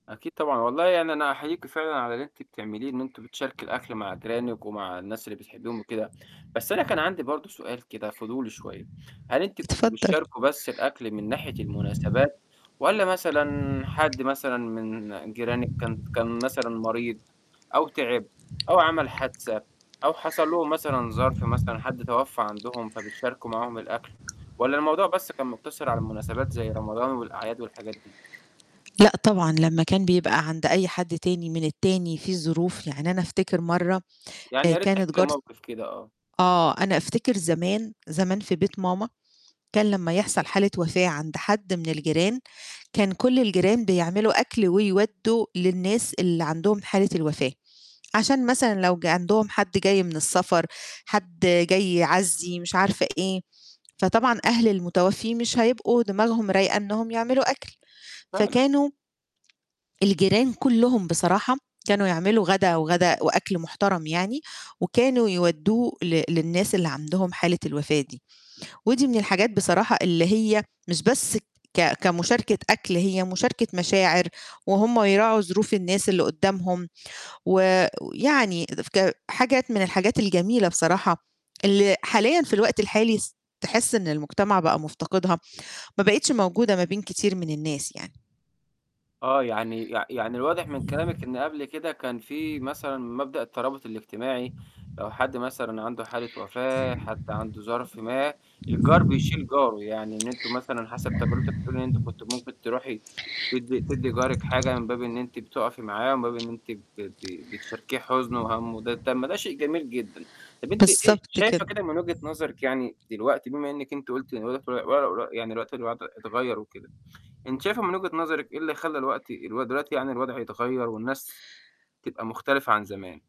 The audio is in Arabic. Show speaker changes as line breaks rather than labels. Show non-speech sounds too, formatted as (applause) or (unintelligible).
أكيد طبعًا. والله يعني أنا أنا أُحيّيكِ فعلًا على اللي أنتِ بتعمليه، إن أنتم بتشاركي الأكل مع جيرانِك ومع الناس اللي بتحبيهم وكده. بس أنا كان عندي برضو سؤال كده فضولي شوية، هل أنتِ كنتم
اتفضل.
بتشاركوا بس الأكْل من ناحية المناسبات والّا مثلًا حد مثلًا من جيرانِك كان ت كان مثلًا مريض أو تِعب أو عَمل حادثة أو حصل لهم مثلًا ظَرف مثلًا، حد توفى عندهم فبتشاركوا معاهم الأكل والّا الموضوع بس كان مُقتصر على المناسبات، زي رمضان والأعياد والحاجات دي؟
لأ، طبعًا، لمّا كان بيبقى عند أي حد تاني من التاني فيه ظروف. يعني أنا أفتكر مرة
يعني
آآ
يا ريت تحكي
كانت
لي
جارت
موقف كده، آه.
آه، أنا أفتكر زمان زمان في بيت ماما كان لمّا يحصل حالة وفاة عند حد من الجيران، كان كل الجيران بيعملوا أكْل ويودوا للناس اللي عندهم حالة الوفاة، عشان مثلًا لو ج عندهم حد جاي من السفر، حد جاي يعزّي مش عارفة إيه، فطبعًا أهل المتوفي مش هيبقوا دماغهم رايقة إنهم يعملوا أكْل
فعلًا.
فكانوا الجيران كُلّهم بصراحة كانوا يعملوا غدا، وغدا وأكْل مُحترَم يعني، وكانوا يودّوه ل للناس اللي عندهم حالة الوفاة دي، ودي من الحاجات بصراحة اللي هي مش بس ك كمشاركة أكْل هي مشاركة مشاعر، وهُم يراعوا ظروف الناس اللي قُدامهم و ويعني (unintelligible) ك حاجات من الحاجات الجميلة بصراحة، اللي حاليًا في الوقت الحالي س تحسّ إن المجتمع بقى مُفتقدها، ما بقيتش موجودة، ما بين كتير من الناس يعني.
آه، يعني يع يعني الواضح من كلامِك إن قبل كده كان فيه مثلًا مبدأ الترابط الاجتماعي، لو حد مثلًا عنده حالة وفاة، حد عنده ظَرف ما، الجار بيشيل جاره يعني إن أنتم مثلًا، حسب تجربتِك بتقولي إن أنتِ كنتِ ممكن ترُوحي تدّي تدّي جارِك حاجة من باب إن أنتِ بتُقفي معاه ومن باب إن أنتِ ب ب بتشاركيه حُزنه وهَمُّه، ده طَب ما ده شيء جميل جدًا. طَب أنتِ إيه،
بالضبط،
شايفة
كده.
كده من وجهة نظرِك يعني دلوقتي بما إنِّك أنتِ قُلتِ (unintelligible) يعني دلوقتي الوضع اتغيَّر وكده، أنتِ شايفه من وجهة نظرِك، إيه اللي خلّى الوقتي اللي هو دلوقتي يعني، الوضع يتغيَّر والناس تبقى مختلفة عن زمان؟